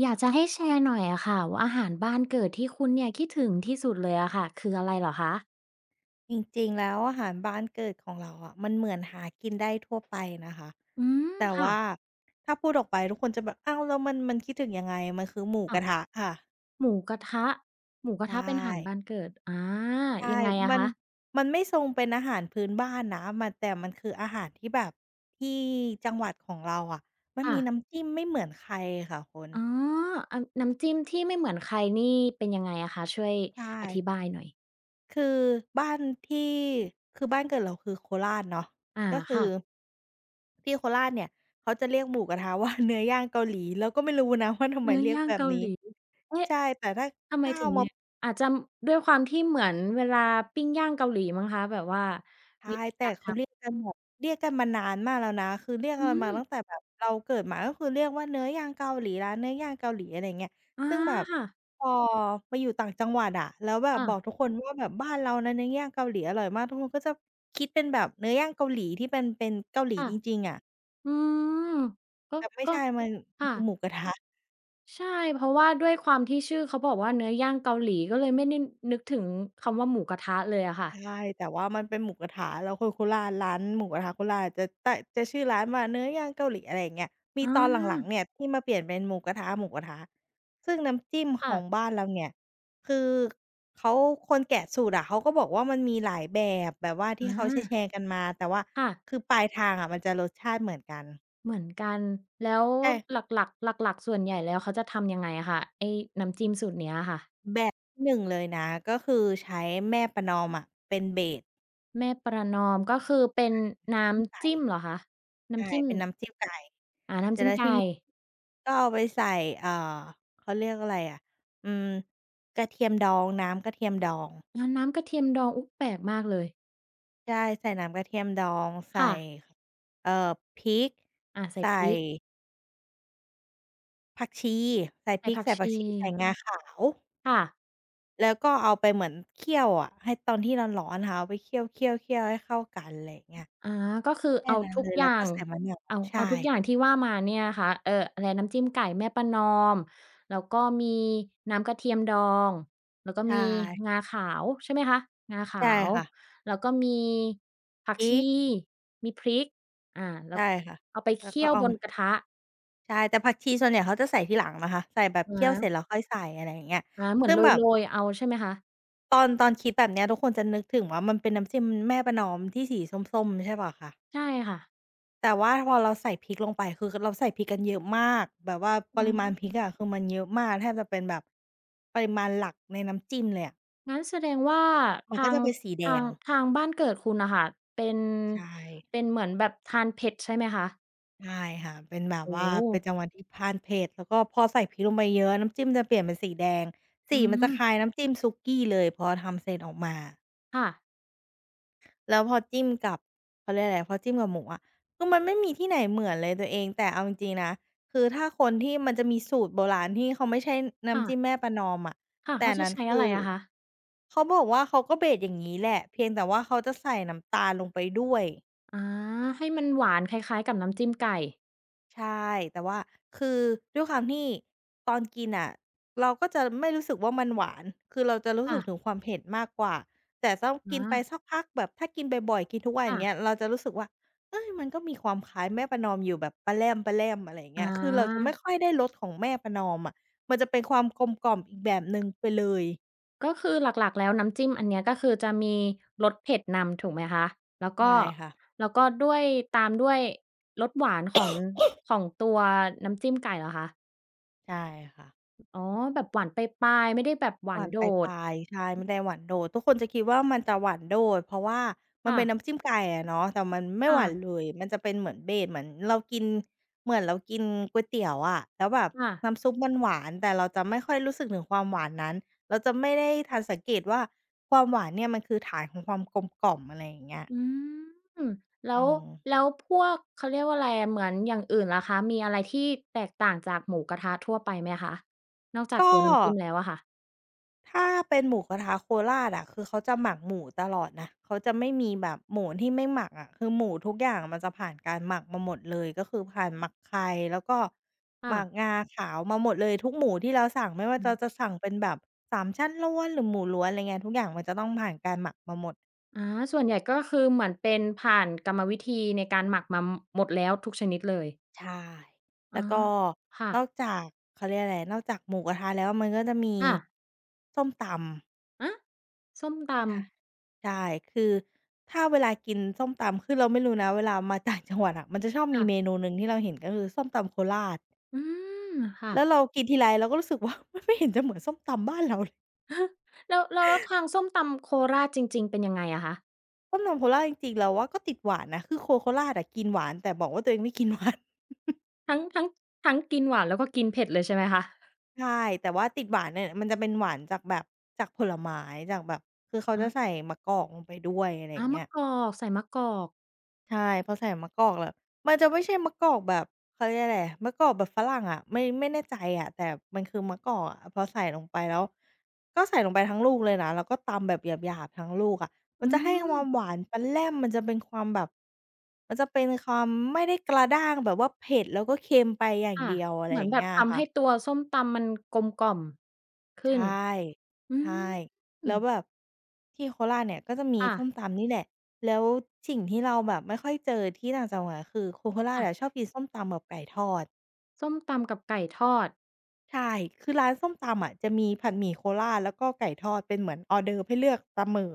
อยากจะให้แชร์หน่อยอะค่ะว่า อาหารบ้านเกิดที่คุณเนี่ย คิดถึงที่สุดเลยอะค่ะ คืออะไรเหรอคะ? จริง ๆ แล้วอาหารบ้านเกิดของเราอะ มันเหมือนหากินได้ทั่วไปนะคะ อืม แต่คว่่า ะ ถ้าพูดออกไปทุกคนจะแบบ อ้าว แล้ว มัน มันคิดถึงยังไง มันคือหมูค่กะ ระทะค่ะ หมูกระทะ หมูกรใชะทะเป็นอาหาร่ บ้านเกิด อา ใชย่ ังไงอมะัคน ะ? มันไม่ทรงเป็นอาหารพื้นบ้านนะ มัน แต่มันคืออาหารที่แบบ ที่ จังหวัดของเราอะ มัคน่มีะ น้ำจิ้มไม่เหมือนใครค่ะคุณ อ๋อ อา น้ำจิ้มที่ไม่เหมือนใครนี่ เป็นยังไงอะคะ? ช่วยใชอ่ ธิบายหน่อย คือบ้านที่ คือบ้านเกิดเราคือโคราชเนาะ อา ก็คคื่อ ะ ที่โคราชเนี่ย เขาจะเรียกหมูกระทะว่า เนื้อย่างเกาหลี เราก็ไม่รู้นะว่า ทำเไนมื้อเรียยก่างแบเบกานหีล้ ี เอ๊ะ ใช่ แต่ถ้า ทำไถม้าถเึอางเมนา ี่ย อาจจะด้วยความที่เหมือนเวลาปิ้งย่างเกาหลีมั้งคะ แบบว่าใช่ วิธีแต่การเขทาำ เรียกกันแบบ เรียกกันมานานมากแล้วนะ คือเรียกกอัืนมาตัม ้งแต่แบบเราเกิดมา ก็คือเรียกว่าเนื้อย่างเกาหลี ร้านเนื้อย่างเกาหลี อะไรอย่างเงี้ย อา ซึ่งแบบ ค่ะ พอไปอยู่ต่างจังหวัดอะ แล้วแบคบ่บะ อกทุกคนว่า แบบบ้านเรานะ เนื้อย่างเกาหลีอร่อยมาก ทุกคนก็จะคิดเป็นแบบเนื้อย่างเกาหลี ที่มันเป็นเกาหลีค่ะ จริง ๆ อะ อืม ก็ แต่ไม่ก็ ใช่ มัน มคัน่คือะ หมูกระทะ ใช่ เพราะว่าด้วยความที่ชื่อเขาบอกว่า เนื้อย่างเกาหลี ก็เลยไม่ได้นึกถึงคำว่า หมูกระทะเลยอะค่ใชะ ่ แต่ว่ามันเป็นหมูกระทะ แล้วคือโคราช ร้านหมูกระทะโคราช จะแตะ จะชื่อร้านว่าเนื้อย่างเกาหลี อะไรอย่างเงี้ย มีอ๋ตอนหลัง ๆ เอ นี่ยที่มาเปลี่ยนเป็นหมูกระทะ ๆ ซึ่งน้ำจิ้มคข่ะ องบ้านเราเนี่ย คือเขา คนแกะสูตรอะเขาก็บอกว่า มันมีหลายแบบ แบบว่าทีอ่เขาแชา ร์ ๆ กันมา แต่ว่าค่ะ คือปลายทางอะมันจะรสชาติเหมือนกัน เหมือนกัน แล้วแต่ หลัก ๆ หลัก ๆ ส่วนใหญ่แล้วเขาจะทำยังไงอะคะ ไอ้น้ำจิ้มสูตรเนี้ยค่ะ? แบบที่ 1 เลยนะ ก็คือใช้แม่ประนอมอะเป็น เบส แม่ประนอม ก็คือเป็ไกน่ นน้้ำจิ้มไกำจ่ ิ้มเหรอคะ? นใ้ช่ ำจิ้ม เป็นน้ำจิ้มไก่ อา น้ำจิ้มไก่ เสร็จแล้วที่นี้ ก็เอาไปใส่ อ่า เขาเรียกอะไรอะ อืม กระเทียมดอง น้ำกระเทียมดอง แล้วน้ำกระเทียมดอง อุ๊ย แปลกมากเลย ใช่ ใส่น้ำกระเทียมดอง ใสค่ ่ะ เอ่อ พริก อา ใส่ใส่ พริก ผักชี ใส่ใพสร่ิผก ัใสก่ชผักชี ใส่ี งาขาว ค่ะ แล้วก็เอาไปเหมือนเคี่ยวอะ ให้ตอนที่ร้อน ๆ นะคะ เอาไปเคี่ยว ๆ ๆ ให้เข้ากัน อะไรอย่างเงี้ย อา ก็คือแค่เอานั้นทุเลกย แอลย้่วกา็ง ใส่มะนาว เอา ใชเอาทุก่ อย่างที่ว่ามาเนี่ยนะคะ เอ่อ อะไร น้ำจิ้มไก่แม่ประนอม แล้วก็มีน้ำกระเทียมดอง แล้วก็ใชมี่ งาขาว ใช่ไหมคะ? งาขใชา่ว ค่ะ แล้วก็มีผักพรชิี ก มีพริก อ่า แลใ้ชว่ค่ะ เอาไปแล้เควกี่็ยวเอาบมนา กระทะ ใช่ แต่ผักชีส่วนใหญ่เขาจะใส่ทีหลังนะคะ ใส่แบบอะเคฮี่ยวเะ สร็จแล้วค่อยใส่ อะไรอย่างเงี้ย อา เหมืซอึน่งโแบบ รย ๆ เอา ใช่ไหมคะ? ตอน ตอนคิดแบบเนี้ย ทุกคนจะนึกถึงว่า มันเป็นน้ำจิ้มแม่ประนอมที่สีส้ม ๆ ใช่เปล่าคะ? ใช่ค่ะ แต่ว่าพอเราใส่พริกลงไป คือ ก เราใส่พริกกันเยอะมากแบบว่าปอืริมาณม พริกอะ คือมันเยอะมาก แทบจะเป็นแบบ ปริมาณหลักในน้ำจิ้มเลยอะ งั้นแสดงว่า มัทนาก็จง ะเป็นสีแดทาง ง ทางบ้านเกิดคุณน่ะค่ะ เป็น ใช่ เป็นเหมือนแบบทานเผ็ด ใช่ไหมคะ? ใช่ค่ะ เป็นแบโบอ้ว่า โเป็นฮ! จังหวัดที่ทานเผ็ด แล้วก็พอใส่พริกลงไปเยอะ ๆ แล้วน้ำจิ้มจะเปลี่ยนเป็นสีแดง สอีืมันจะคลม ้ายน้ำจิ้มสุกี้เลย พอทำเสร็จออกมาอะ ค่ะ แล้วพอจิ้มกับ เขาเรียกว่าไร พอจิ้มกับหมูอะ คือมันไม่มีที่ไหนเหมือนเลยตัวเอง แต่เอาจริง ๆ นะ คือถ้าคนที่มันจะมีสูตรโบราณที่เขาไม่ใช่น้ค่ำจะ ิ้มแม่ประนอมอะ ค่ะ แตเข่าอันจะนั้ในช้คอะืไรอ อ อะคะ? เขาบอกว่า เขาก็ เบส อย่างงี้แหละ เพียงแต่ว่าเขาจะใส่น้ำตาลลงไปด้วย อา ให้มันหวานคล้าย ๆ กับน้ำจิ้มไก่ ใช่ แต่ว่าคือด้วยความที่ตอนกินน่ะเราก็จะไม่รู้สึกว่า มันหวาน คือเราจะรู้คส่ึกะ ถึงความเผ็ดมากกว่า แต่ต้องอกินไปา สักพักแบบถ้ากินบ่อย ๆ กินทุกวัน คอย่่างะ เงี้ย เราจะรู้สึกว่า เฮ้ย! มันก็มีความคล้ายแม่ประนอมอยู่แบบปะแล่ม ๆ อะไรอย่างอเงี๋้ย คือเราจะไม่อ ค่อยได้รสของแม่ประนอมอะ มันจะเป็นความกลมกล่อมอีกแบบหนึ่ง ไปเลย ก็คือหลัก ๆ แล้วน้ำจิ้มอันเนี้ย ก็คือจะมีรสเผ็ดนำ ถูกไหมคะ? แล้วกใช็ ่ค่ะ แล้วก็ด้วย ตามด้วยรสหวานของ ของตัวน้ำจิ้มไก่เหรอคะ? ใช่ค่ะ อ อ๋อ แบบหวานปลาย ๆ ไม่ได้แบบหวหาวนานโดปด ลาย ๆ ใช่ ไม่ได้หวานโดด ทุกคนจะคิดว่า มันจะหวานโดด เพราะว่ามคัน่เป็นนะ ้ำจิ้ม ไก่อะเนาะ แต่มันไม่ค่หวานะ เลย มันจะเป็นเหมือน เบส เหมือนเรากิน เหมือนเรากินก๋วยเตี๋ยวอะ แล้วแบบค่ะ น้ำซุปมันหวาน แต่เราจะไม่ค่อยรู้สึกถึงความหวานนั้น เราจะไม่ได้ทันสังเกตว่า ความหวานเนี่ยมันคือฐานของความกลมกล่อม อะไรอย่างเงี้ย อืม แล้อืว ม แล้วพวก เขาเรียกว่าไรอะ เหมือนอย่างอื่นล่ะคะ มีอะไรที่แตกต่างจากหมูกระทะทั่ว ไปไหมคะ? นอกจากกตัวน้ำจิ้็ มแล้วอะค่ะ ถ้าเป็นหมูกระทะโคราชอะ คือเขาจะหมักหมูตลอดนะ เขาจะไม่มีแบบหมูที่ไม่หมักอะ คือหมูทุกอย่างมันจะผ่านการหมักมาหมดเลย ก็คือผ่านหมักไข่ แล้วก็ ค่หมะ ักงาขาวมาหมดเลย ทุกหมูที่เราสั่ง ไม่ว่อาืจะ ม จะสั่งเป็นแบบสามชั้นล้วน หรือหมูล้วน อะไรเงี้ย ทุกอย่างมันจะต้องผ่านการหมักมาหมด อา ส่วนใหญ่ก็คือเหมือนเป็น ผ่านกรรมวิธีในการหมักมาหมดแล้วทุกชนิดเลย ใช่ แอล้๋อ วก็ค่นอะ กจาก เขาเรียกอะไร นอกจากหมูกระทะแล้ว มันก็จะมีค่ะ ส้มตำ ฮะ ส้มตใช่ ำ ใช่ คือถ้าเวลากินส้มตำ คือเราไม่รู้นะ เวลามาต่างจังหวัดอะ มันจะชอบคม่ีะ เมนูหนึ่งที่เราเห็น ก็คือส้มตำโคราช อืม ค่ะ แล้วเรากินทีไรเราก็รู้สึกว่า มันไม่เห็นจะเหมือนส้มตำบ้านเราเลย แล้ว แล้ว แล้วความส้มตำโคราชจริง ๆ เป็นยังไงอะคะ? ส้มตำโคราชจริง ๆ เราว่าก็ติดหวานนะ คือคนโคราชอะกินหวาน แต่บอกว่าตัวเองไม่กินหวาน ทั้ง ทั้ง ทั้งกินหวาน แล้วก็กินเผ็ดเลย ใช่ไหมคะ? ใช่ แต่ว่าติดหวานเนี่ย มันจะเป็นหวานจากแบบ จากผลไม้ จากแบบ คือเขาจะใส่มะกอกลงไปด้วย อะไรออย่าา งเงมี้ะย กอก ใส่มะกอก ใช่ พอใส่มะกอกแบบมันจะไม่ใช่มะกอกแบบ เขาเรียกว่าอะไร มะกอกแบบฝรั่งอะ ไม่ ไม่แน่ใจอะ แต่มันคือมะกอกอะ พอใส่ลงไปแล้ว ก็ใส่ลงไปทั้งลูกเลยนะ แล้วก็ตำแบบหยาบ ๆ ทั้งลูกอะ มอืันจะให้คม วามหวานปะแล่ม มันจะเป็นความแบบมันจะเป็นความไม่ได้กระด้างแบบว่าเผ็ด แล้วก็เค็มไปอย่าคง่ะ เดียว อะไรเหมือยอน่างแเบงีบ้ยทคำให่้ะ ตัวส้มตำมันกลมกล่อมขใึช้น ่ อืใช่ แล้ม วแบบที่โคราชเนี่ยก็จะมีค่สะ ้มตำนี่แหละ แล้วสิ่งที่เราแบบไม่ค่อยเจอที่ต่างจังหวัด ก็คือคนโคราคช่อะ ะชอบกินส้มตำกับไก่ทอด ส้มตำกับไก่ทอด ใช่ คือร้านส้มตำอะจะมีผัดหมี่โคราช แล้วก็ไก่ทอดเป็นเหมือนออร์เดิร์ฟให้เลือกเสมอ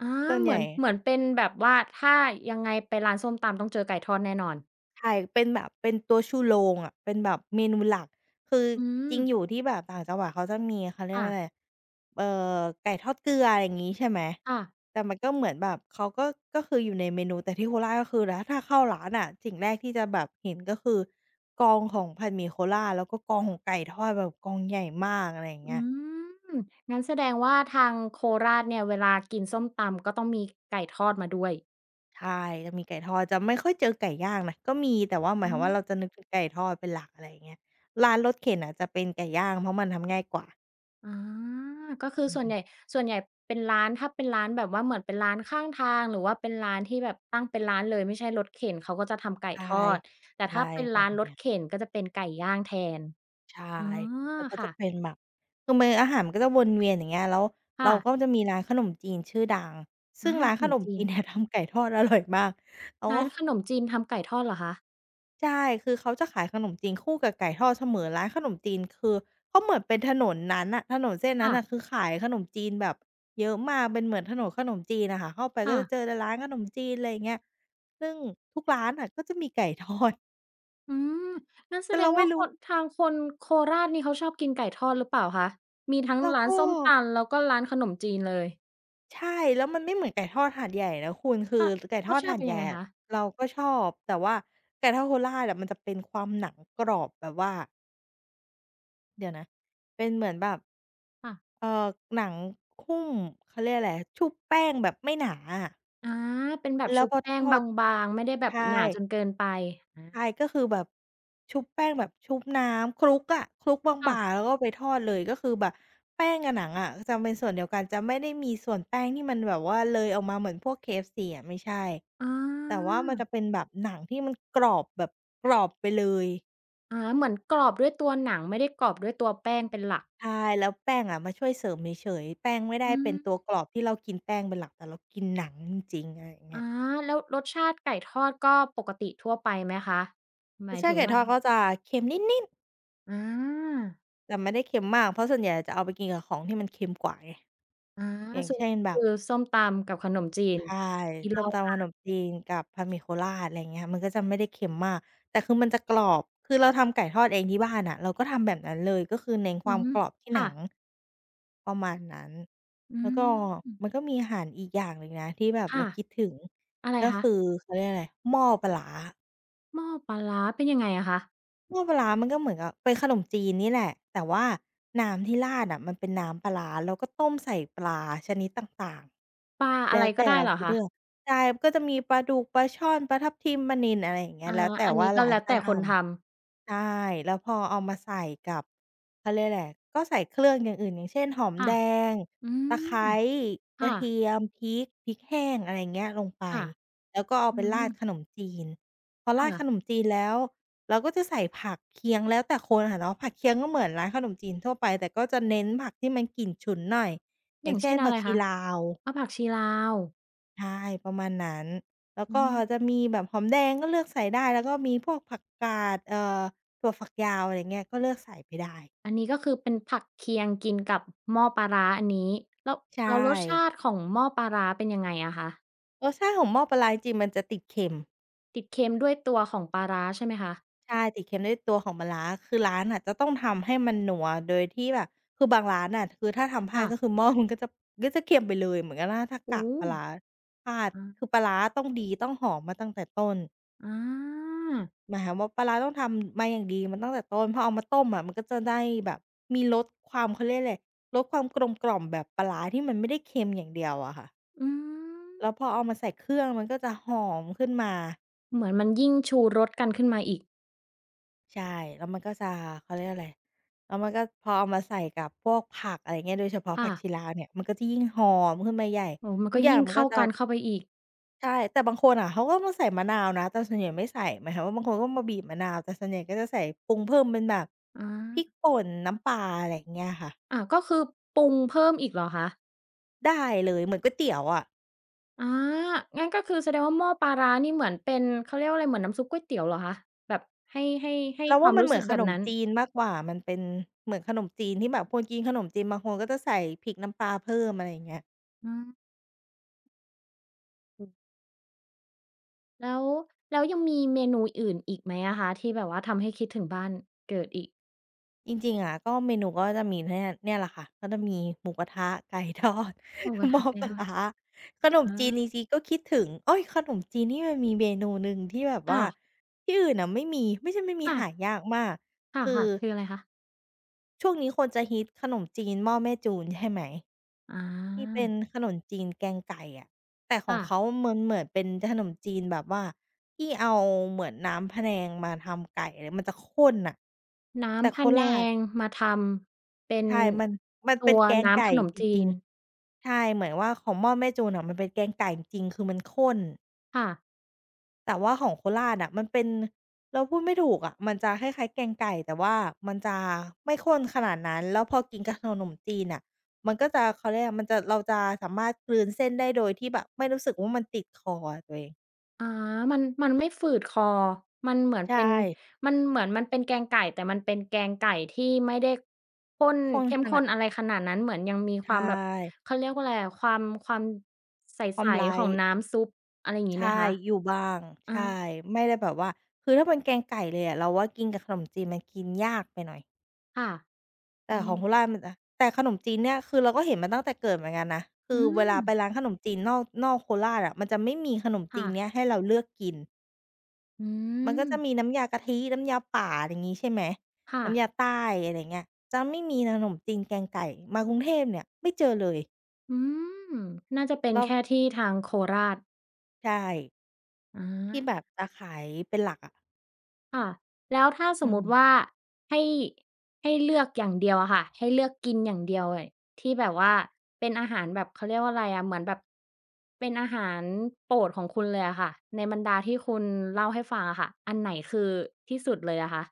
อ๋อ ส่วนเหใมหืญ่ อน เหมือนเป็นแบบว่า ถ้ายังไงไปร้านส้มตำต้องเจอไก่ทอดแน่นอน ใช่ เป็นแบบ เป็นตัวชูโรงอะ เป็นแบบเมนูหลัก คืออืจริงม อยู่ที่แบบต่างจังหวัด เขาจะมี เขาเรีคยก่ว่ะ าอะไร เอ่อ ไก่ทอดเกลือ อะไรงี้ใช่ไหม ค่ะ แต่มันก็เหมือนแบบเขาก็ ก็คืออยู่ในเมนู แต่ที่โคราชก็คือ แต่ถ้าเข้าร้านอะ สิ่งแรกที่จะแบบเห็น ก็คือกองของผัดหมี่โคราช แล้วก็กองของไก่ทอดแบบกองใหญ่มาก อะไรอย่างอเงืี้ย ม งั้นแสดงว่า ทางโคราชเนี่ยเวลากินส้มตำ ก็ต้องมีไก่ทอดมาด้วย ใช่ จะมีไก่ทอด จะไม่ค่อยเจอไก่ย่างนะ ก็มี แต่หมอาืยความว่าเรม าจะนึกถึงไก่ทอดเป็นหลัก อะไรอย่างเงี้ย ร้านรถเข็นอะจะเป็นไก่ย่าง เพราะมันทำง่ายกว่า อ๋อ ก็คืออืสอ่วฮนึ ใหญ่ ส่วนใหญ่เป็นร้าน ถ้าเป็นร้านแบบว่า เหมือนเป็นร้านข้างทาง หรือว่าเป็นร้านที่แบบตั้งเป็นร้านเลยไม่ใช่รถเข็น เขาก็จะทำไก่ใช่ ทอด แต่ใชถ้่ าเป็นแบร้าบนรเนีถ้ย เข็นก็จะเป็นไก่ย่างแทน ใช่ อ๋อ แล้วก็ค่จะะ เป็นแบบ คือมื้ออาหารมันก็จะวนเวียนอย่างเงี้ย แล้วคเร่าะ ก็จะมีร้านขนมจีนชื่อดัง ซอึ่า งร้านขขนมนมจีจีน นแต่ทำไก่ทอด อร่อยมาก โอ้รโ้านฮ ขนมจีนทำไก่ทอดเหรอคะ? ใช่ คือเขาจะขายขนมจีนคู่กับไก่ทอดเสมอ ร้านขนมจีนคือ เขาเหมือนเป็นถนนนั้นนะ ถนนเส้นนคั้่นนะ ่ะคือขายขนมจีนแบบเยอะมาก เป็นเหมือนถนนขนมจีนน่ะค่ะ เข้าไปคก็่จะะ เจอแต่ร้านขนมจีน อะไรอย่างเงี้ย ซึ่งทุกร้านน่ะก็จะมี ไก่ทอด อืม งั้นแแตส่ดเรางไมว่่ารคู้ น ทางคนโคราชนี่เขาชอบกินไก่ทอดหรือเปล่าคะ? มีทั้งแล้วร้ากน็ ส้มตำ แล้วก็ร้านขนมจีนเลย ใช่ แล้วมันไม่เหมือนไก่ทอดหาดใหญ่นะคุณ คืออ ไก่ทรอสดชาหตาิดเป็นใหญยั่งไงอะคะ? เราก็ชอบ แต่ว่าไก่ทอดโคราชอะมันจะเป็นความหนังกรอบแบบว่า เดี๋ยวนะ เป็นเหมือนแบบ ค่ะ เอ่อ หนังหุ้ม เขาเรียกอะไร ชุบแป้งแบบไม่หนาอะ อ๋อ เป็นแบบแลช้วุบพอแปท้งอบด าง ๆ ไม่ได้แบใชบหนาจ่ นเกินไป อา ใช่ ก็คือแบบ ชุบแป้งแบบชุบน้ำคลุกอะ คลุกบค่าะ ง ๆ แล้วก็ไปทอดเลย ก็คือแบบแป้งกับหนังอะจะเป็นส่วนเดียวกัน จะไม่ได้มีส่วนแป้งที่มันแบบว่าเลยออกมาเหมือนพวก KFC อะ ไม่ใช่ อ๋อ แต่ว่ามันจะเป็นแบบหนังที่มันกรอบแบบกรอบไปเลย อา เหมือนกรอบด้วยตัวหนัง ไม่ได้กรอบด้วยตัวแป้งเป็นหลัก ใช่ แล้วแป้งอะมาช่วยเสริมเฉย ๆ แป้งไม่ได้อืเป็นตอ ัวกรอบที่เรากินแป้งเป็นหลัก แต่เรากินหนังจริง ๆ อะไรอย่างเงอี้า ย แล้วรสชาติไก่ทอดก็ปกติทั่วไปไหมคะ? หมราสยชถาตึิไงก่ว่ทอดา ก็จะเค็มนิด ๆ อ๋อ แต่ไม่ได้เค็มมาก เพราะส่วนใหญ่จะเอาไปกินกับของที่มันเค็มกว่าไง อา อย่างซุเชป ่นแบคืบ อส้มตำกับขนมจีใน ช่ อย่างที่เสล้่มาตมำขา นมจีนกับผัดหมี่โคราช อะไรอย่างเงี้ย มันก็จะไม่ได้เค็มมาก แต่คือมันจะกรอบ คือเราทำไก่ทอดเองที่บ้านน่ะ เราก็ทำแบบนั้นเลย ก็คือเน้นคอวืาอมฮึ กรอบที่คหนั่ง ะ ประมาณนั้น อืแล้วก็ ม มันก็มีอาหารอีกอย่างหนึ่งนะที่แบบคเร่าะ คิดถึง อะไรก็คะ? คือ เขาเรียกอะไร หม้อปลาร้า หม้อปลาร้า เป็นยังไงอะคะ? หม้อปลาร้า มันก็เหมือนกับเป็นขนมจีนนี่แหละ แต่ว่าน้ำที่ราดน่ะมันเป็นน้ำปลาร้า แล้วก็ต้มใส่ปลาชนิดต่าง ปลาๆ แลอะ้ไรวแตก่็ได้เราเหรอจะคเลืะ? อก ใช่ มันก็จะมีปลาดุก ปลาช่อน ปลาทับทิม ปลานิล อะไรอย่างเงี้อย า แล้วแต่อันนว่ีา้กร็้าแนล้วจแตะ่ทคนทำ ำ ใช่ แล้วพอเอามาใส่กับ เขาเรียกว่าไร ก็ใส่เครื่องอย่างอื่น อย่างเช่น หอม ค่แดะ ง อืตะไครม ้ คกร่ะเทีะ ยม พริก พริกแห้ง อะไรอย่างเงี้ย ลงไป ค่ะ แล้วก็เอาอืไปราดม ขนมจีน พอครา่ดะ ขนมจีนแล้วเราก็จะใส่ผักเคียง แล้วแต่คนอะเนาะ ผักเคียงก็เหมือนร้านขนมจีนทั่วไป แต่ก็จะเน้นผักที่มันกลิ่นฉุนหน่อย อยอ่ยา่างงเชเช่่น นอผะัไกรชีคะ? ลาว อ้อ ผักชีลาว ใช่ ประมาณนั้น แล้วอืก็ม จะมีแบบหอมแดง ก็เลือกใส่ได้ แล้วก็มีพวกผักกาด เอ่อ ถั่วฝักยาว อะไรเงี้ย ก็เลือกใส่ไปได้ อันนี้ก็คือเป็นผักเคียงกินกับหม้อปลาร้า อันนี้ แล้ว ใชแล้วรสช่ าติของหม้อปลาร้า เป็นยังไงอะคะ? รสชาติของหม้อปลาร้า จริง ๆ มันจะติดเค็ม ติดเค็มด้วยตัวของปลาร้า ใช่ไหมคะ? ใช่ ติดเค็มด้วยตัวของปลาร้า คือร้านน่ะจะต้องทำให้มันนัว โดยที่แบบ คือบางร้านน่ะ คือถ้าทำพลคา่ดก็ะ คือ หม้อมันก็ จับ ก็จะเค็มไปเลย เหมือนกับล่า ถ้าโอก้ะโฮ ปลาร้าอพลาด า คือปลาร้าต้องดี ต้องหอมมาตั้งแต่ต้น อา หมายความว่า ปลาร้าต้องทำมาอย่างดีมาตั้งแต่ต้น พอเอามาต้มอะ มันก็จะได้แบบมีรสความ เขาเรียกอะไร รสความกลมกล่อมแบบปลาร้า ที่มันไม่ได้เค็มอย่างเดียวอะค่ะ อืแล้วพอเอม ามาใส่เครื่อง มันก็จะหอมขึ้นมา เหมือนมันยิ่งชูรสกันขึ้นมาอีก ใช่ แล้วมันก็จะ เขาเรียกว่าอะไร แล้วมันก็ พอเอามาใส่กับพวกผัก อะไรอย่างเงี้ย โดยเฉพาะคผ่ักะ ชีลาวเนี่ย มันก็จะยิ่งหอมขึ้นมาใหญ่ โอ้โฮ มันทุกก็อย่ยาิง่งมันเขก้็าจะ กันเข้าไปอีก ใช่ แต่บางคนอะเขาก็มาใส่มะนาวนะ แต่ส่วนใหญ่ไม่ใส่ หมายความว่า บางคนก็มาบีบมะนาว แต่ส่วนใหญ่ก็จะใส่ปรุงเพิ่มเป็นแบบ อพริกา ป่น น้ำปลา อะไรอย่างเงี้ยค่ะ อ่า ก็คือปรุงเพิ่มอีกเหรอคะ? ได้เลย เหมือนก๋วยเตี๋ยวอะ อา งั้นก็คือแสดงว่า หม้อปลาร้านี่เหมือนเป็น เขาเรียกว่าอะไร เหมือนน้ำซุปก๋วยเตี๋ยวเหรอคะ? แบบให้ ให้ ให้เราคว่วาามมันรูเ้หมืสอึนกแขบบนมนั้น จีนมากกว่า มันเป็นเหมือนขนมจีนที่แบบ คนกินขนมจีนบางคนก็จะใส่พริกน้ำปลาเพิ่ม อะไรอย่างเงี้ย อืม แล้ว แล้วยังมีเมนูอื่นอีกไหมอะคะ? ที่แบบว่าทำให้คิดถึงบ้านเกิดอีก จริง ๆ อะ ก็เมนูก็จะมีเนี่ย เนี่ยแหละค่ะ ก็จะมีหมูกระทะ ไก่ทอด หมูกระหมท้ะอไหมปลาคะ? ร้า ขนมอจีนา จริง ๆ ก็คิดถึง เอ๊ย! ขนมจีนนี่มันมีเมนูหนึ่ง ที่แบบคว่่าะ ที่อื่นน่ะไม่มี ไม่ใช่ไม่มี ค่หะ ายากมาก คคื่อ ะ ๆ คืออะไรคะ? ช่วงนี้คนจะฮิตขนมจีนหม้อแม่จูนใช่ไหม? อที่เป็นา ขนมจีนแกงไก่อะ แต่ขคอ่งเะ ขามันเหมือนเป็นขนมจีนแบบว่า ที่เอาเหมือนน้ำพะแนงมาทำไก่ แล้วมันจะข้นน่ะ น้แต่ำพโคะแนราช งมาทำเป็นใช่ มัน มันตเัป็นวแกงน้ไกำ่ขนมจจีริง น ๆ ใช่ เหมือนว่าของหม้อแม่จูนอะ มันเป็นแกงไก่จริง ๆ คือมันข้น ค่ะ แต่ว่าของโคราชอะ มันเป็น เราพูดไม่ถูกอะ มันจะคล้าย ๆ แกงไก่ แต่ว่ามันจะไม่ข้นขนาดนั้น แล้วพอกินกับขนมจีนน่ะ มันก็จะ เขาเรียกว่าอะไร มันจะ เราจะสามารถกลืนเส้นได้ โดยที่แบบไม่รู้สึกว่า มันติดคออะตัวเอง อา มัน มันไม่ฝืดคอ มันเหมือนใชเป็น ่ มันเหมือนมันเป็นแกงไก่ แต่มันเป็นแกงไก่ที่ไม่ได้ข้น ข้นเข้มขขนา้ด น อะไรขนาดนั้น เหมือนยังมีใชความแบบ่ เขาเรียกว่าอะไรอะ ความ ความใกส ำไร ๆ ของน้ำซุป อะไรอย่างงีใ้ชไห่ มคะ? อยู่บ้าง อใช่ า ไม่ได้แบบว่า คือถ้าเป็นแกงไก่เลยอะ เราว่ากินกับขนมจีน มันกินยากไปหน่อย ค่ะ แอตื่ม ของโคราชมันอะ แต่ขนมจีนเนี่ยคือเราก็เห็นมาตั้งแต่เกิดเหมือนกันนะ คอืือเวลาไปม ร้านขนมจีน นอก นอกโคราชอะ มันจะไม่มีขนมคจี่นเะ นี้ยให้เราเลือกกิน อืมันก็จะม มีน้ำยากะทิ น้ำยาป่า อะไรงี้ ใช่ไหม ค่น้ำะ ยาใต้ อะไรอย่างเงี้ย จะไม่มีนะ ขนมจีนแกงไก่ มากรุงเทพเนี่ยไม่เจอเลย อืม น่าจะเป็แนล้แว ค่ที่ทางโคราช ใช่ อที่า แบบจะขายเป็นหลักอะ ค่ะ แล้วถ้าสอืมมติวอ ่า ให้ ให้เลือกอย่างเดียวอะค่ะ ให้เลือกกินอย่างเดียวเลย ที่แบบว่าเป็นอาหารแบบ เขาเรียกว่าอะไรอะ เหมือนแบบ เป็นอาหาร โปรดของคุณเลยอะค่ะ ในบรรดาที่คุณ เล่าให้ฟังอะค่ะ อันไหนคือ ที่สุดเลยอะคะ?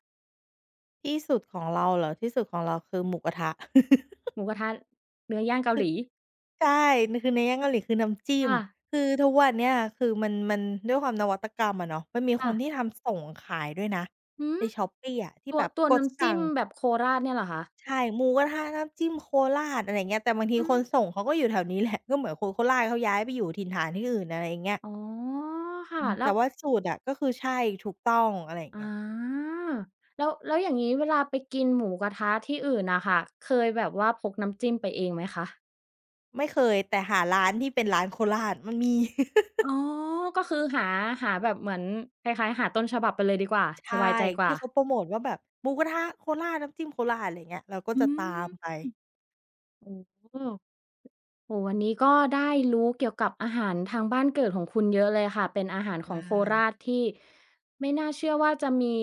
ที่สุดของเราเหรอ ที่สุดของเราคือหมูกระทะ หมูกระทะ เนื้อยค่ืางอ เกาหลี ใช่ มันคือเนื้อย่างเกาหลีคือน้ำจิ้คม ่ะ คือทุกวันเนี้ยคือ มัน มันด้วยความนวัตกรรมอะเนาะ มันมีคค่นะ ที่ทำส่งขายด้วยนะอือฮใน ึ Shopee อะที่ตัแว บบตัวกนด้ำสจัิ้่มง แบบโคราชเนี่ยเหรอคะ? ใช่ หมูกระทะน้ำจิ้มโคราช อะไรอย่างเงี้ย แต่บางทีอืคนอ ส่งเขาก็อยู่แถวนี้แหละ ก็เหมือนคนโคราชเขาย้ายไปอยู่ถิ่นฐานที่อื่น อะไรอย่างเงี้ย อ๋อ ค่อะ ืม แลแ้ต่ว ว่าสูตรอะก็คือใช่ ถูกต้อง อะไรอย่างอเงีา ้ย แล้ว แล้วอย่างนี้เวลาไปกินหมูกระทะที่อื่นน่ะค่ะ เคยแบบว่าพกน้ำจิ้มไปเองไหมคะ? ไม่เคย แต่หาร้านที่เป็นร้านโคราชมันมี อ๋อ ก็คือ หา หาแบบเหมือนคล้าย ๆ หาต้นฉบับไปเลยดีกว่า ใชส่ บายใจกวท่ี่า เขาโพรโมตว่าแบบหมูกระทะโคราช น้ำจิ้มโคราช อะไรอย่างเงี้ย เราก็อืจะตาม มไป โอ้ โอ้โฮ วันนี้ก็ได้รู้เกี่ยวกับอาหารทางบ้านเกิดของคุณเยอะเลยค่ะ เป็นอาหารขไลองโคร่ าชที่ ไม่น่าเชื่อว่าจะมี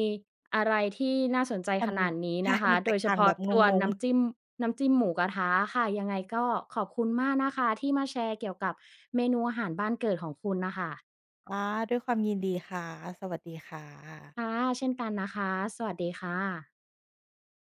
อะไรที่น่าสนใจมัขน นาดนี้ใชน่ ะคะ มันแโตดกยเฉต่างพาแบะบงตัวนง ้ๆ ำจิ้ม น้ำจิ้มหมูกระทะค่ะ ยังไงก็ขอบคุณมากนะคะที่มาแชร์เกี่ยวกับเมนูอาหารบ้านเกิดของคุณน่ะค่ะ อา ด้วยความยินดีค่ะ สวัสดีค่ะ ค่ะ เช่นกันนะคะ สวัสดีค่ะ